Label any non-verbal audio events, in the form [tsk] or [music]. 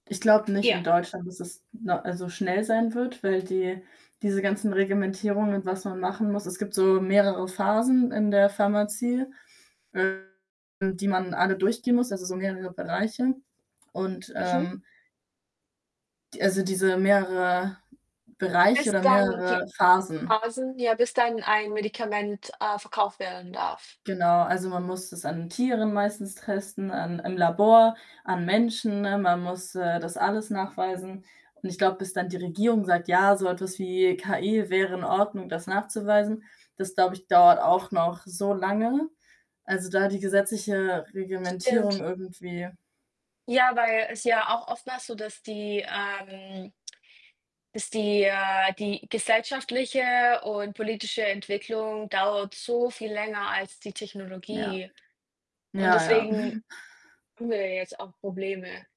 Ich glaube nicht Ja. in Deutschland, dass es 'ne also schnell sein wird, weil die diese ganzen Reglementierungen und was man machen muss es gibt so mehrere Phasen in der Pharmazie, ähm, die man alle durchgehen muss, also so mehrere Bereiche und, Mhm. ähm die also, diese mehrere Bereiche Bis oder dann die mehrere Phasen. Phasen ja, bis dann ein Medikament, äh, verkauft werden darf. Genau, also man muss das an Tieren meistens testen, an im Labor, an Menschen, ne? Man muss, äh, das alles nachweisen und ich glaube, bis dann die Regierung sagt: „Ja, so etwas wie KI wäre in Ordnung, das nachzuweisen.“ Das glaube ich, dauert auch noch so lange. Also, da die gesetzliche Reglementierung, Stimmt. irgendwie Ja, weil es ja auch oftmals so, dass die, ähm [tsk] bis die äh, die gesellschaftliche und politische Entwicklung dauert so viel länger als die Ja. Technologie und Ja, ja. deswegen [giggles] haben wir ja jetzt auch Probleme.